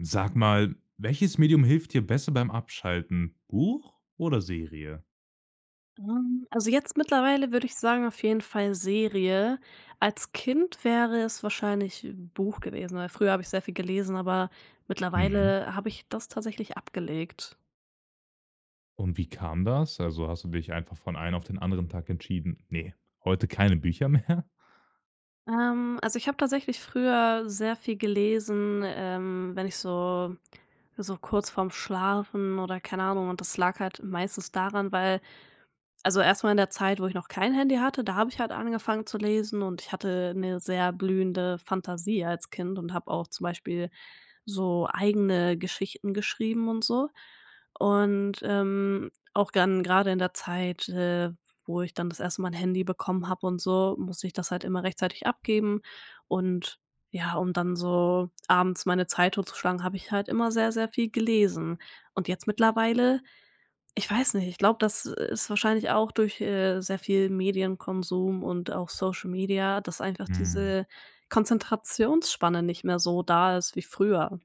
Sag mal, welches Medium hilft dir besser beim Abschalten? Buch oder Serie? Ähm, also, jetzt mittlerweile würde ich sagen auf jeden Fall Serie. Als Kind wäre es wahrscheinlich Buch gewesen, weil früher habe ich sehr viel gelesen, aber Mhm. mittlerweile habe ich das tatsächlich abgelegt. Und wie kam das? Also, hast du dich einfach von einen auf den anderen Tag entschieden: „Ne, heute keine Bücher mehr."? Ähm, also, ich habe tatsächlich früher sehr viel gelesen, ähm, wenn ich so so kurz vorm Schlafen oder, keine Ahnung und das lag halt meistens daran, weil also, erst mal in der Zeit, wo ich noch kein Handy hatte, da habe ich halt angefangen zu lesen und ich hatte 'ne sehr blühende Fantasie als Kind und habe auch zum Beispiel so eigene Geschichten geschrieben und so. Und, ähm, auch dann grade in der Zeit, äh, wo ich dann das erste Mal 'n Handy bekommen habe und so, musste ich das halt immer rechtzeitig abgeben. Und ja, um dann so abends meine Zeit tot zu schlagen, habe ich halt immer sehr, sehr viel gelesen. Und jetzt mittlerweile ich weiß nicht, ich glaube, das ist wahrscheinlich auch durch, äh, sehr viel Medienkonsum und auch Social Media, dass einfach Mhm. diese Konzentrationsspanne nicht mehr so da ist wie früher.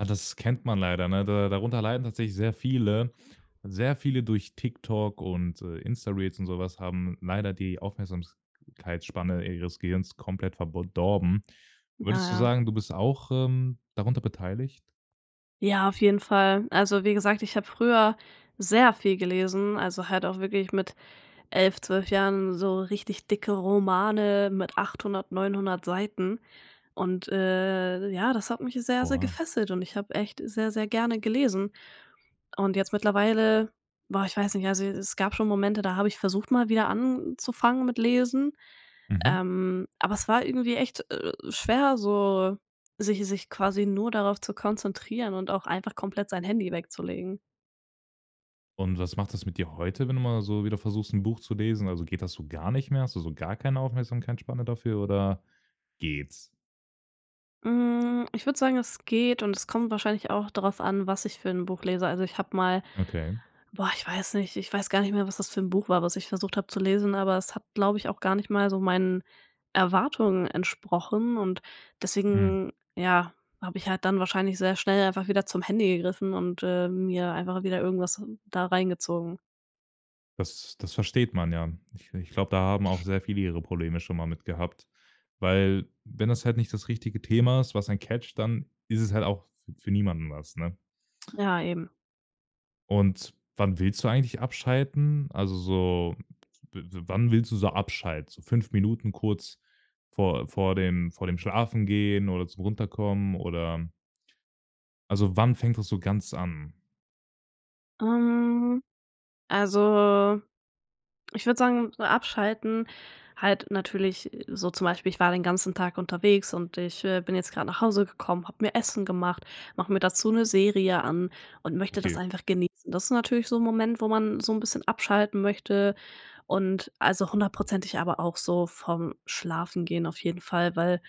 Ja, das kennt man leider, ne? Da darunter leiden tatsächlich sehr viele. Sehr viele durch TikTok und, äh, Insta-Reels und so was haben leider die Aufmerksamkeitsspanne ihres Gehirns komplett verb dorben. Ja, Würdest du ja. sagen, du bist auch, ähm, darunter beteiligt? Ja, auf jeden Fall. Also, wie gesagt, ich habe früher sehr viel gelesen, also, halt auch wirklich mit 11, 12 Jahren so richtig dicke Romane mit 800, 900 Seiten, und, äh ja, das hat mich sehr, sehr Oha. gefesselt, und ich habe echt sehr, sehr gerne gelesen. Und jetzt mittlerweile boah, ich weiß nicht, also, es gab schon Momente, da habe ich versucht, mal wieder anzufangen mit Lesen. Mhm. Ähm, aber es war irgendwie echt, äh, schwer so, sich sich quasi nur darauf zu konzentrieren und auch einfach komplett sein Handy wegzulegen. Und was macht das mit dir heute, wenn du mal so wieder versuchst, 'n Buch zu lesen? Also, geht das so gar nicht mehr? Hast du so gar keine Aufmerksamkeitsspanne dafür oder geht's? Hm, ich würde sagen, es geht, und es kommt wahrscheinlich auch darauf an, was ich für 'n Buch lese. Also, ich habe mal Okay. boah, ich weiß nicht ich weiß gar nicht mehr, was das für 'n Buch war, was ich versucht habe zu lesen, aber es hat, glaube ich, auch gar nicht mal so meinen Erwartungen entsprochen und Hm. deswegen, ja, habe ich halt dann wahrscheinlich sehr schnell einfach wieder zum Handy gegriffen und, äh, mir einfach wieder irgendwas n da reingezogen. Das das versteht man, ja. Ich ich glaube, da haben auch sehr viele ihre Probleme schon mal mit gehabt. Weil, wenn das halt nicht das richtige Thema ist, was ein catched, dann ist es halt auch f für niemanden was, ne? Ja, eben. Und wann willst du eigentlich abschalten? Also, so w wann willst du so abschalten? So 5 Minuten kurz vor vor dem vor dem schlafen gehen oder zum Runterkommen oder Also, wann fängt das so ganz an? Ähm, also, ich würde sagen so, abschalten halt natürlich so zum Beispiel, ich war den ganzen Tag unterwegs und ich, äh, bin jetzt grad nach Hause gekommen, habe mir Essen gemacht, mache mir dazu 'ne Serie an und möchte okay. das einfach genießen. Das ist natürlich so 'n Moment, wo man so 'n bisschen abschalten möchte und also, hundertprozentig aber auch so vorm Schlafengehen auf jeden Fall, weil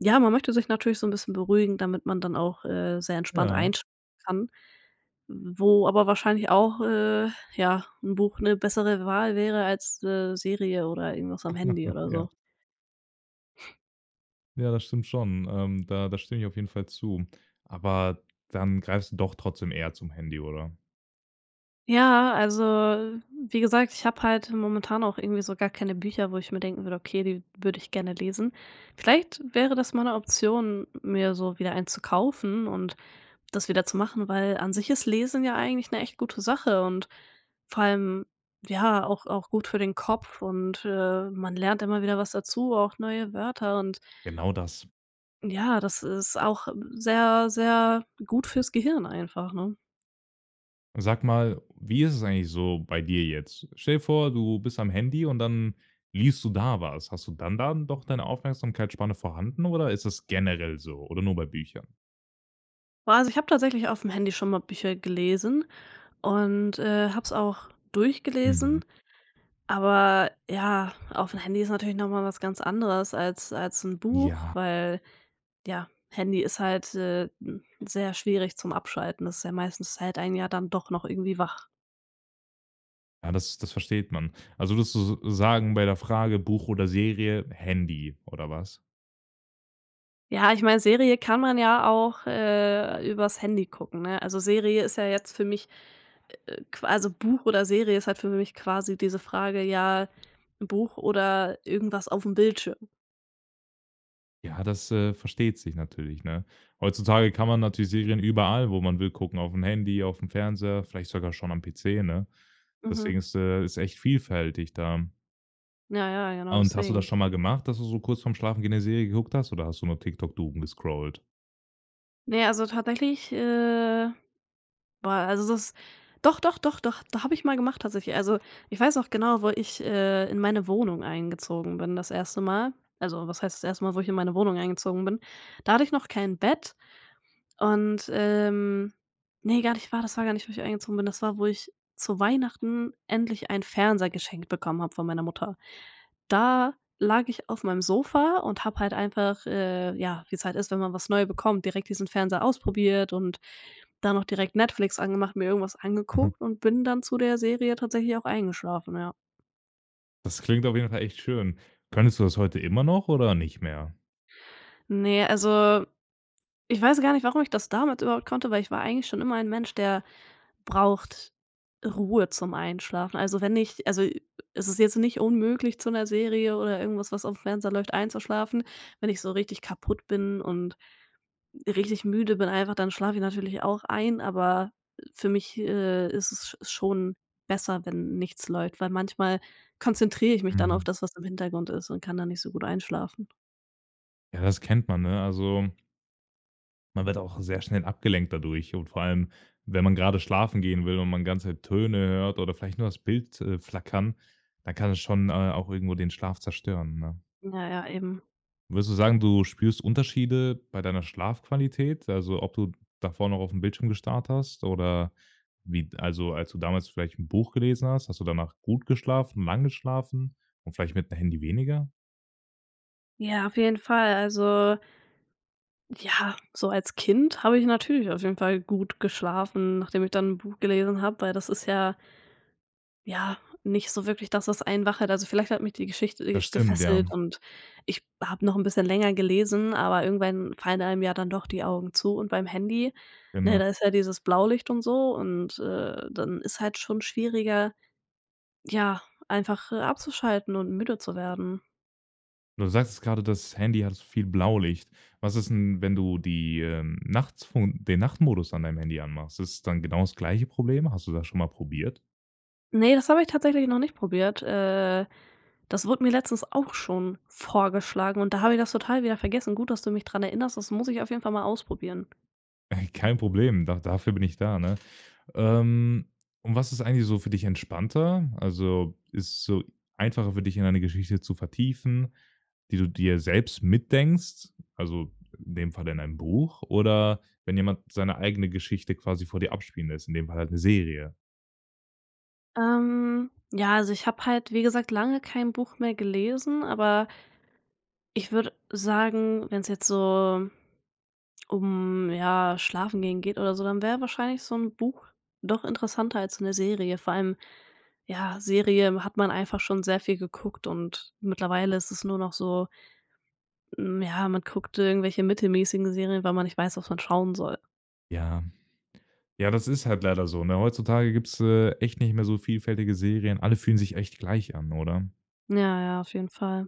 ja, man möchte sich natürlich so 'n bisschen beruhigen, damit man dann auch, äh, sehr entspannt Ja. einsch kann, wo aber wahrscheinlich auch, äh, ja, 'n Buch 'ne bessere Wahl wäre als, äh, Serie oder irgendwas am Handy oder Ja. so. Ja, das stimmt schon. Ähm, da da stimme ich auf jeden Fall zu. Aber dann greifst du doch trotzdem eher zum Handy, oder? Ja, also wie gesagt, ich habe halt momentan auch irgendwie so gar keine Bücher, wo ich mir denken würde, okay, die würde ich gerne lesen. Vielleicht wäre das mal 'ne Option, mir so wieder eins zu kaufen und das wieder zu machen, weil an sich ist Lesen ja eigentlich 'ne echt gute Sache und vor allem ja auch auch gut für den Kopf und, äh, man lernt immer wieder was dazu, auch neue Wörter und Genau das. ja, das ist auch sehr, sehr gut für's Gehirn einfach, ne? Sag mal, wie ist es eigentlich so bei dir jetzt? Stell dir vor, du bist am Handy und dann liest du da was. Hast du dann da doch deine Aufmerksamkeitsspanne vorhanden oder ist das generell so oder nur bei Büchern? Boah, also ich habe tatsächlich auf dem Handy schon mal Bücher gelesen und, äh, habe es auch Mhm. durchgelesen. Aber ja, auf dem Handy ist natürlich noch mal was ganz anderes als als 'n Buch, Ja. weil, ja, Handy ist halt, äh, hm, sehr schwierig zum Abschalten. Das ist ja meistens es hält einen ja dann doch noch irgendwie wach. Ah, das das versteht man. Also, würdest du s sagen bei der Frage, Buch oder Serie, „Handy“ oder was? Ja, ich meine, Serie kann man ja auch, äh, übers Handy gucken, ne? Also, Serie ist ja jetzt für mich, äh, qu also, Buch oder Serie ist halt für mich quasi diese Frage, ja, 'n Buch oder irgendwas aufm Bildschirm. Ja, das, äh, versteht sich natürlich, ne? Heutzutage kann man natürlich Serien überall, wo man will, gucken, aufm Handy, aufm Fernseher, vielleicht sogar schon am PC, ne? Mhm. Deswegen ist, äh ist echt vielfältig da. N ja ja, genau Ah, und hast du das deswegen. schon mal gemacht, dass du so kurz vorm Schlafengehen 'ne Serie geguckt hast, oder hast du nur noch TikTok doomgescrollt? Ne, also, tatsächlich, äh boah, also, das doch, doch, doch, doch, da habe ich mal gemacht tatsächlich. Also, ich weiß noch genau, wo ich, äh, in meine Wohnung eingezogen bin das 1. Mal also, was heißt das 1. Mal, wo ich in meine Wohnung eingezogen bin, da hatte ich noch kein Bett und, ähm ne, gar nicht wahr, das war gar nicht, wo ich eingezogen bin das war, wo ich zu Weihnachten endlich einen Fernseher geschenkt bekommen habe von meiner Mutter. Da lag ich auf meinem Sofa und habe halt einfach, äh, ja, wie's halt ist, wenn man was neu bekommt, direkt diesen Fernseher ausprobiert und dann noch direkt Netflix angemacht, mir irgendwas Mhm. angeguckt und bin dann zu der Serie tatsächlich auch eingeschlafen, ja. Das klingt auf jeden Fall echt schön. Könntest du das heute immer noch oder nicht mehr? Ne, also, ich weiß gar nicht, warum ich das damals überhaupt konnte, weil ich war eigentlich schon immer ein Mensch, der braucht Ruhe zum Einschlafen. Also, wenn ich also, es ist jetzt nicht unmöglich zu 'ner Serie oder irgendwas, was auf dem Fernseher läuft einzuschlafen. Wenn ich so richtig kaputt bin und richtig müde bin einfach, dann schlafe ich natürlich auch ein, aber für mich, äh, ist es sch schon besser, wenn nichts läuft, weil manchmal konzentriere ich mich dann auf Mhm. das, was im Hintergrund ist und kann da nicht so gut einschlafen. Ja, das kennt man, ne? Also man wird auch sehr schnell abgelenkt dadurch. Und vor allem, wenn man grade schlafen gehen will und man ganze Töne hört oder vielleicht nur das Bild, äh, flackern, dann kann das schon, äh, auch irgendwo den Schlaf zerstören, ne? Ja, ja, eben. Würdest du sagen, du spürst Unterschiede bei deiner Schlafqualität? Also ob du davor noch aufm Bildschirm gestarrt hast oder wie d also, als du damals vielleicht 'n Buch gelesen hast, hast du danach gut geschlafen, lang geschlafen und vielleicht mit 'm Handy weniger? Ja, auf jeden Fall, also ja, so als Kind habe ich natürlich auf jeden Fall gut geschlafen, nachdem ich dann 'n Buch gelesen hab, weil das ist ja ja, nicht so wirklich das, was einen wach hält. Also, vielleicht hat mich die Geschichte, äh, Das stimmt, ja. gefesselt und ich habe noch 'n bisschen länger gelesen, aber irgendwann fallen einem ja dann doch die Augen zu und beim Handy, ne, Genau. da ist ja dieses Blaulicht und so und, äh, dann ist halt schon schwieriger, ja, einfach, äh, abzuschalten und müde zu werden. Du sagst jetzt grade, das Handy hat so viel Blaulicht. Was ist 'n, wenn du die, ähm, Nachtfunk den Nachtmodus an deinem Handy anmachst? Ist es dann genau das gleiche Problem. Hast du das schon mal probiert? Ne, das hab ich tatsächlich noch nicht probiert. Äh, das wurde mir letztens auch schon vorgeschlagen und da habe ich das total wieder vergessen. Gut, dass du mich dran erinnerst. Das muss ich auf jeden Fall mal ausprobieren. Kein Problem, doch dafür bin ich da, ne? Ähm, und was ist eigentlich so für dich entspannter? Also, ist so einfacher für dich, in eine Geschichte zu vertiefen, die du dir selbst mitdenkst, also, in dem Falle in einem Buch oder wenn jemand seine eigene Geschichte quasi vor dir abspielen lässt, in dem Fall halt 'ne Serie? Ähm, ja, also ich habe halt wie gesagt lange kein Buch mehr gelesen, aber ich würde sagen, wenn es jetzt so um, ja, schlafen gehen geht oder so, dann wäre wahrscheinlich so 'n Buch doch interessanter als so 'ne Serie. Vor allem ja, Serien hat man einfach schon sehr viel geguckt und mittlerweile ist es nur noch so mhm, ja, man guckt irgendwelche mittelmäßigen Serien, weil man nicht weiß, was man schauen soll. Ja. Ja, das ist halt leider so, ne? Heutzutage gibt es, äh, echt nicht mehr so vielfältige Serien. Alle fühlen sich echt gleich an, oder? Ja, ja, auf jeden Fall.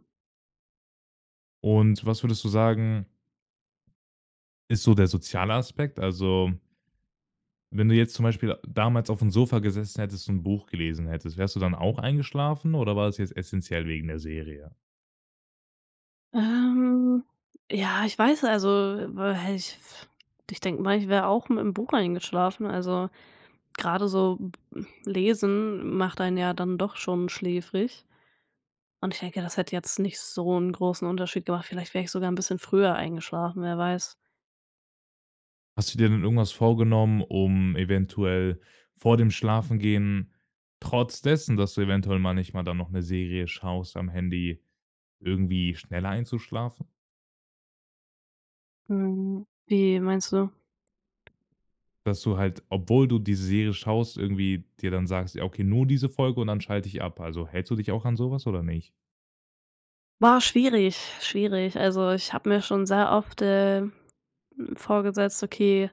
Und was würdest du sagen ist so der soziale Aspekt? Also wenn du jetzt zum Beispiel d damals aufm Sofa gesessen hättest und 'n Buch gelesen hättest, wärst du dann auch eingeschlafen, oder war das jetzt essenziell wegen der Serie? Ähm, ja, ich weiß, also, [unintelligible] häh, ich f ich denk mal, ich wär auch mit 'nem Buch eingeschlafen. Also gerade so hm, lesen macht einen ja dann doch schon schläfrig. Und ich denke, das hätte jetzt nicht so 'n großen Unterschied gemacht. Vielleicht wär ich sogar 'n bisschen früher eingeschlafen, wer weiß? Hast du dir denn irgendwas vorgenommen, um eventuell vor dem Schlafengehen trotz dessen, dass du eventuell mal nicht mal dann noch 'ne Serie schaust, am Handy irgendwie schneller einzuschlafen? Hm, wie meinst du? Dass du halt, obwohl du die Serie schaust, irgendwie dir dann sagst: „Ja, okay, nur diese Folge und dann schalte ich ab.“ Also, hältst du dich auch an so was oder nicht? Boah, schwierig, schwierig. Also, ich habe mir schon sehr oft, äh, hm, vorgesetzt: „Okay,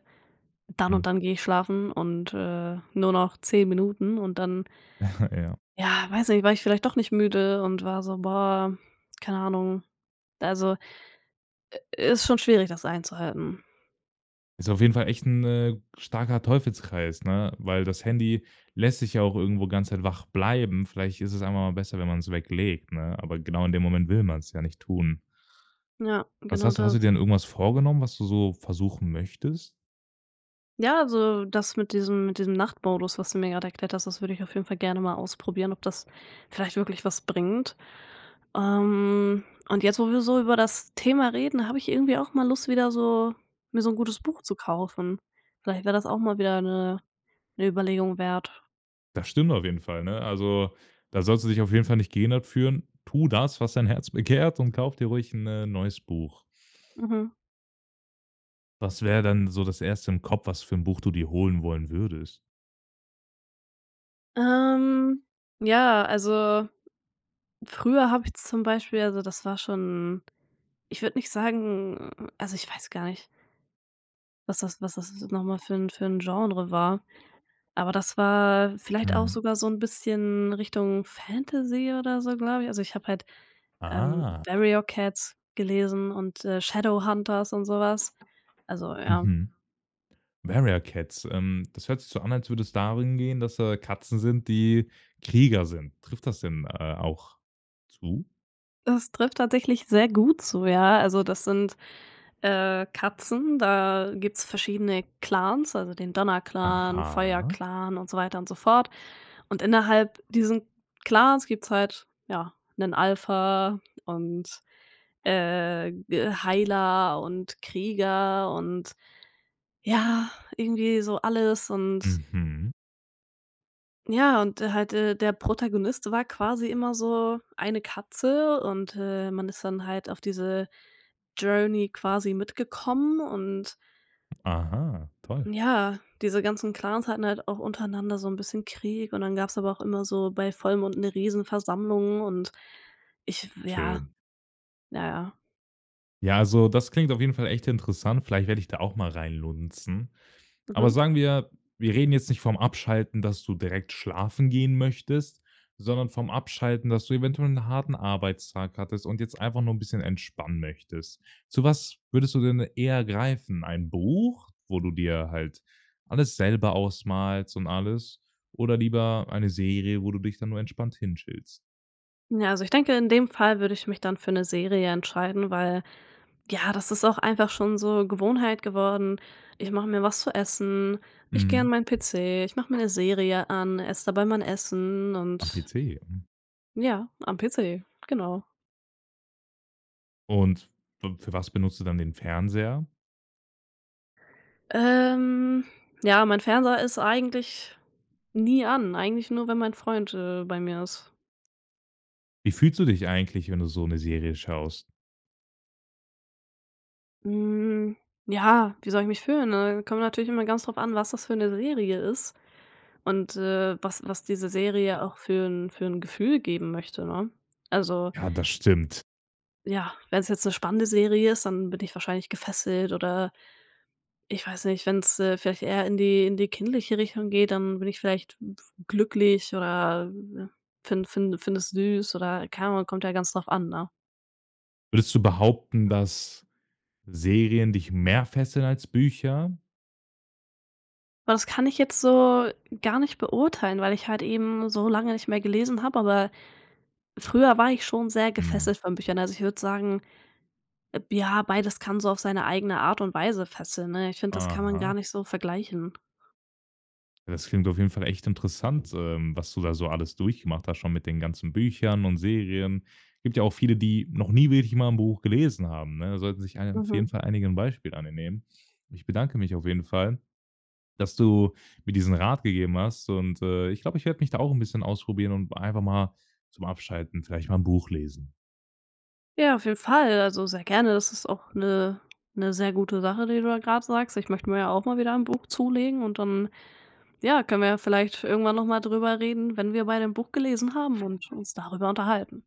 dann Mhm. und dann gehe ich schlafen und, äh, nur noch 10 Minuten“ und dann Ja. ja, weiß nicht, war ich vielleicht doch nicht müde und war so boah, keine Ahnung. Also, i ist schon schwierig, das einzuhalten. Ist auf jeden Fall echt 'n, äh, starker Teufelskreis, ne, weil das Handy lässt dich ja auch irgendwo ganze Zeit wach bleiben. Vielleicht ist es einfach mal besser, wenn man's weglegt, ne? Aber genau in dem Moment will man's ja nicht tun. Ja, Was genau hast du hast du das. dir denn irgendwas vorgenommen, was du so versuchen möchtest? Ja, also das mit diesem mit diesem Nachtmodus, was du mir gerade erklärt hast, das würde ich auf jeden Fall gerne mal ausprobieren, ob das vielleicht wirklich was bringt. Ähm, und jetzt, wo wir so über das Thema reden, habe ich irgendwie auch mal Lust, wieder so mir so 'n gutes Buch zu kaufen. Vielleicht wäre das auch mal wieder 'ne 'ne Überlegung wert. Das stimmt auf jeden Fall, ne? Also, da sollst du dich auf jeden Fall nicht gehindert fühlen. Tu das, was dein Herz begehrt, und kauf dir ruhig 'n, äh, 'n neues Buch. Mhm. Was wäre denn so das Erste im Kopf, was für 'n Buch du dir holen wollen würdest? Ähm, ja, also früher habe ich zum Beispiel also das war schon ich würde nicht sagen also ich weiß gar nicht was das was das n noch mal für 'n für 'n Genre war, aber das war vielleicht auch Mhm. sogar so 'n bisschen Richtung Fantasy oder so, glaube ich. Also ich habe halt, ähm, Ah. „Warrior Cats"gelesen und „Shadow Hunters" und so was. Also, ja. Mhm. „Warrior Cats", ähm, das hört sich so an, als würde es darum gehen, dass da Katzen sind, die Krieger sind. Trifft das denn, äh, auch zu? Es trifft tatsächlich sehr gut zu, ja. Also, das sind, äh, Katzen da gibt's verschiedene Clans, also den Donnerclan, Aha. Feuerclan und so weiter und so fort und innerhalb diesen Clans gibt's halt, ja, 'nen Alpha und, äh, äh, Heiler und Krieger und ja, irgendwie so alles. Und Mhm. ja und, äh, halt, äh, der Protagonist war quasi immer so eine Katze. Und, äh, man ist dann halt auf diese Journey quasi mitgekommen und Aha, toll. ja, diese ganzen Clans hatten halt auch untereinander so 'n bisschen Krieg und dann gab's aber auch immer so bei Vollmond 'ne Riesenversammlung und ich f ja. Schön. Ja, ja. Ja, also das klingt auf jeden Fall echt interessant. Vielleicht werde ich da auch mal reinlunzen. Aber Mhm. sagen wir, wir reden jetzt nicht vom Abschalten, dass du direkt schlafen gehen möchtest, sondern vom Abschalten, dass du eventuell 'n harten Arbeitstag hattest und jetzt einfach nur 'n bisschen entspannen möchtest. Zu was würdest du denn eher greifen? Ein Buch, wo du dir halt alles selber ausmalst und alles, oder lieber eine Serie, wo du dich dann nur entspannt hin chillst? Na, also, ich denke, in dem Fall würde ich mich dann für 'ne Serie entscheiden, weil, ja, das ist auch einfach schon so Gewohnheit geworden. Ich mache mir was zu essen, ich gehe an Mhm. meinen PC, ich mach mir 'ne Serie an, esse dabei mein Essen Am und PC? Mhm. Ja, am PC, genau. Und f für was benutzt du dann den Fernseher? Ähm, ja mein Fernseher ist eigentlich nie an, eigentlich nur wenn mein Freund, äh, bei mir ist. Wie fühlst du dich eigentlich, wenn du so 'ne Serie schaust? Hm. Ja, wie soll ich mich fühlen, ne? Kommt natürlich immer ganz drauf an, was das für 'ne Serie ist und, äh, was was diese Serie auch für 'n für 'n Gefühl geben möchte, ne? Also Ja, das stimmt. ja, wenn's jetzt 'ne spannende Serie ist, dann bin ich wahrscheinlich gefesselt oder ich weiß nicht, wenn's, äh, vielleicht eher in die in die kindliche Richtung geht, dann bin ich vielleicht glücklich oder find find finde es süß oder keine Ahnung, kommt ja ganz drauf an, ne? Würdest du behaupten, dass Serien dich mehr fesseln als Bücher? Das kann ich jetzt so gar nicht beurteilen, weil ich halt eben so lange nicht mehr gelesen habe, aber früher war ich schon sehr Mhm. gefesselt von Büchern. Also, ich würde sagen, eb ja, beides kann so auf seine eigene Art und Weise fesseln, ne? Ich finde, das kann man gar Aha. nicht so vergleichen. Das klingt auf jeden Fall echt interessant, ähm, was du da so alles durchgemacht hast schon mit den ganzen Büchern und Serien. Gibt ja auch viele, die noch nie wirklich mal 'n Buch gelesen haben, ne? Da sollten sich einig auf Mhm. jeden Fall einige 'n Beispiel an dir nehmen. Ich bedanke mich auf jeden Fall, dass du mir diesen Rat gegeben hast. Und äh, ich glaube, ich werde mich da auch 'n bisschen ausprobieren und einfach mal zum Abschalten vielleicht mal 'n Buch lesen. Ja auf jeden Fall, also, sehr gerne, das ist auch 'ne 'ne sehr gute Sache, die du da grad sagst. Ich möchte mir ja auch mal wieder ein Buch zulegen und dann, ja, können wir ja vielleicht irgendwann noch mal drüber reden, wenn wir beide 'n Buch gelesen haben und uns darüber unterhalten.